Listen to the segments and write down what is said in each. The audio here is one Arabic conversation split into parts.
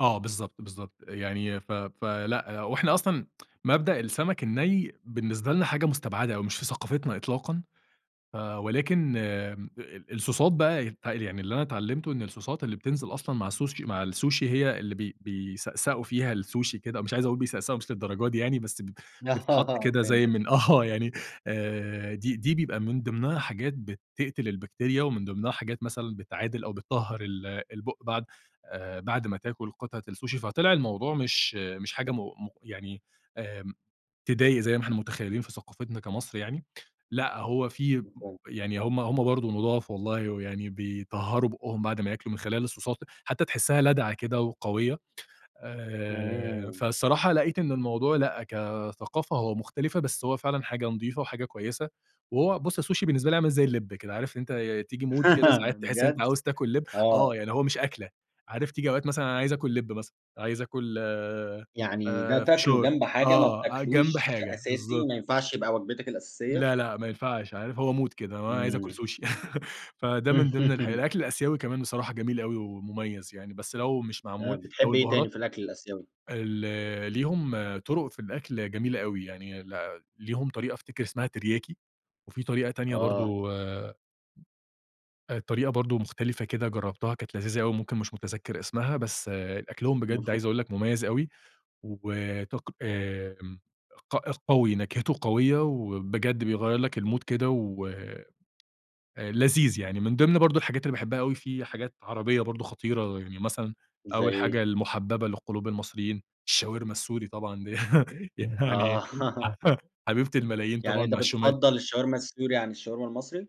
آه بالضبط بالضبط يعني ف فلأ وإحنا أصلًا، مبدأ السمك الني بالنسبة لنا حاجة مُستبعدة أو مش في ثقافتنا إطلاقا. آآ ولكن آمم الـصوصات بقى يعني، [unintelligible] اللي أنا تعلمته إن الـصوصات اللي بتنزل أصلًا مع السوشي مع السوشي هي اللي ب بيسأسأوا فيها السوشي كده مش عايز أقُل بيسأسأوا مش للدرجة دي يعني بس ب بتتحط أها كده زي فهمتك. من آه يعني آآ دي دي بيبقى من ضمنها حاجات بتقتل البكتيريا ومن ضمنها حاجات مثلًا بتعادل أو بتطهر البُق بعد، آآ، بعد ما تاكل قطعة السوشي. فطلع الموضوع مش مش حاجة مُ مُ تضايق زي ما إحنا متخيلين في ثقافتنا كمصر يعني. لأ، هو في [unintelligible] يعني هم هم برضو نُضاف والله ويعني بيطهروا بُقهم بعد ما ياكلوا من خلال الـصوصات حتّى تحسها لادعة كده وقويّة، آآ، امم. فالصراحة لقيت إن الموضوع لأ كثقافة هو مختلفة بس، هو فعلًا حاجة نضيفة وحاجة كويّسة. وهو بُص السوشي بالنسبه لي عامل زي اللب كده عارف إن أنت تيجي مود كده ساعات تحس إن أنت ،بجد، عاوز تاكل لب، آه آه. يعني هو مش أكله، عارف تييجي أوقات مثلًا أنا عايز أكل لب مثلًا، عايز أكل، يعني ده آآ، تاكله فشار. جنب حاجة ما آه جنب بتاكلوش حاجة، أساسي بالضبط. وما ينفعش يبقى وجبتك الأساسية؟ لأ لأ ما ينفعش عارف هو مود كده هو عايز أكل امم. سوشي فده من ضمن الح الأكل الآسيوي كمان بصراحة جميل أوي ومميز يعني، بس لو مش آه معمول لو بتحب إيه تاني البهارات في الأكل الآسيوي؟ ال ليهم طرق في الأكل جميلة أوي يعني ليهم طريقة أفتكر اسمها ترياكي وفي طريقة تانية آه. برضو الطريقة برضو مختلفة كده جربتها كانت لذيذة أو ممكن مش متذكر اسمها، بس أكلهم بجد المفرو عايز أقُل لك مميّز أوي وطق آمم ق قوي، نكهته قويّة وبجد بيغيَّر لك الـمود كده ولذيذ يعني.، من ضمن برضو الحاجات اللي باحبها أوي في حاجات عربيّة برضو خطيرة، يعني مثلًا زي أوّل حاجة إيه؟ المحببة للقلوب المصريين، الشاورما السوري طبعًا دي يعني، آه.. حبيبة الملايين يعني طبعًا أنت مع الشو بتفضل الشاورما السوري عن الشاورما المصري؟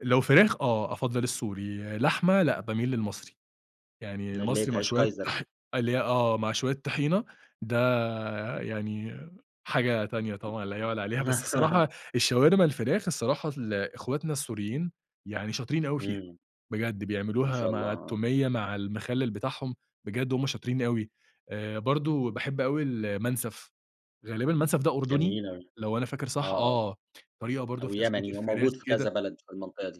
لو فراخ آه أفضل السوري، لحمة لأ بأميل للمصري، يعني اللي هي المصري في مع عيش شويّة كايزر دي. طـح آه مع شويّة طحينة، ده يعني حاجة تانية طبعًا لا يُعلي عليها. بس الصراحة الشاورما الفراخ، الصراحة إخوتنا السوريين يعني شاطرين أوي فيها امم. بجد ما بيعملوها شاء الله، مع آه. التومية مع المخلل بتاعهم بجد هم شاطرين أوي. آآ برضو باحب أوي المنسف، غالبًا المنسف ده أردني .ثجميل أوي، لو أنا فاكر آه، صح. آه آه طريقة برضو أو في تسوية يمني هو الفراخ موجود في كذا كده بلد في المنطقة دي.